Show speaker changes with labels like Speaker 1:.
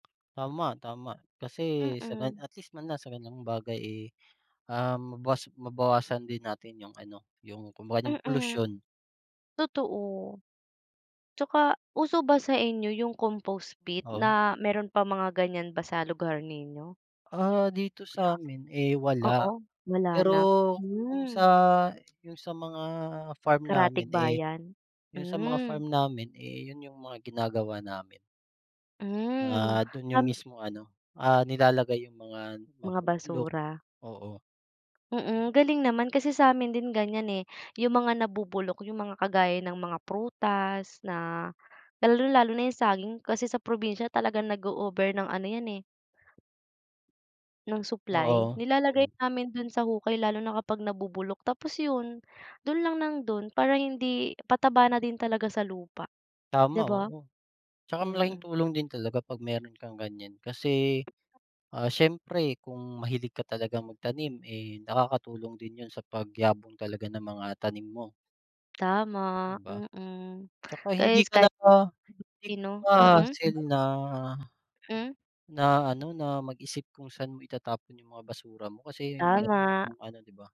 Speaker 1: Tama, tama, kasi sa
Speaker 2: Mm.
Speaker 1: at least man lang sa gan'yang bagay, eh, ah, mabawas mabawasan din natin yung ano, yung kumbaga, yung
Speaker 2: Mm,
Speaker 1: polusyon.
Speaker 2: totoo. 'Tsaka uso ba sainyo yung compost pit
Speaker 1: Oo.
Speaker 2: na, meron pa mga gan'yan ba sa lugar ninyo?
Speaker 1: Ah, dito sa'min, eh, wala,
Speaker 2: Oo, wala
Speaker 1: pero
Speaker 2: na,
Speaker 1: kung sa,
Speaker 2: mm.
Speaker 1: yung sa mga farm namin, eh,
Speaker 2: Karatig-bayan,
Speaker 1: yung sa mga
Speaker 2: mm.
Speaker 1: farm namin, eh, yun yung mga ginagawa namin.
Speaker 2: Mm,
Speaker 1: Ah, dun yung
Speaker 2: um
Speaker 1: mismo ano, ah, nilalagay yung mga
Speaker 2: Mga
Speaker 1: nabubulok,
Speaker 2: basura.
Speaker 1: oo.
Speaker 2: Mm, galing naman kasi samin din gan'yan, eh. Yung mga nabubulok, yung mga kagaya ng mga prutas na, lalong-lalo na yung saging, kasi sa probinsya talagang nag-o-over ng ano 'yan, eh ng supply,
Speaker 1: Oo,
Speaker 2: nilalagay
Speaker 1: oo.
Speaker 2: namin dun sa hukay lalo na kapag nabubulok, tapos yun, dun lang ng dun para hindi pataba na din talaga sa lupa,
Speaker 1: Tama,
Speaker 2: 'di ba?
Speaker 1: oo. 'Tsaka malaking
Speaker 2: Mm.
Speaker 1: tulong din talaga pag meron kang gan'yan, kasi, ah, siyempre kung mahilig ka talagang magtanim, eh, nakakatulong din yun sa pagyabong talaga ng mga tanim mo.
Speaker 2: Tama,
Speaker 1: 'Di ba?
Speaker 2: mm,
Speaker 1: 'Tsaka
Speaker 2: ka
Speaker 1: hindi
Speaker 2: kahit
Speaker 1: ka na
Speaker 2: [unintelligible]
Speaker 1: hindi
Speaker 2: sino
Speaker 1: pa
Speaker 2: mm.
Speaker 1: hassle na
Speaker 2: Mm.
Speaker 1: na ano, na mag-isip kung saan mo itatapon yung mga basura mo kasi meron
Speaker 2: Tama.
Speaker 1: kang ano 'di ba.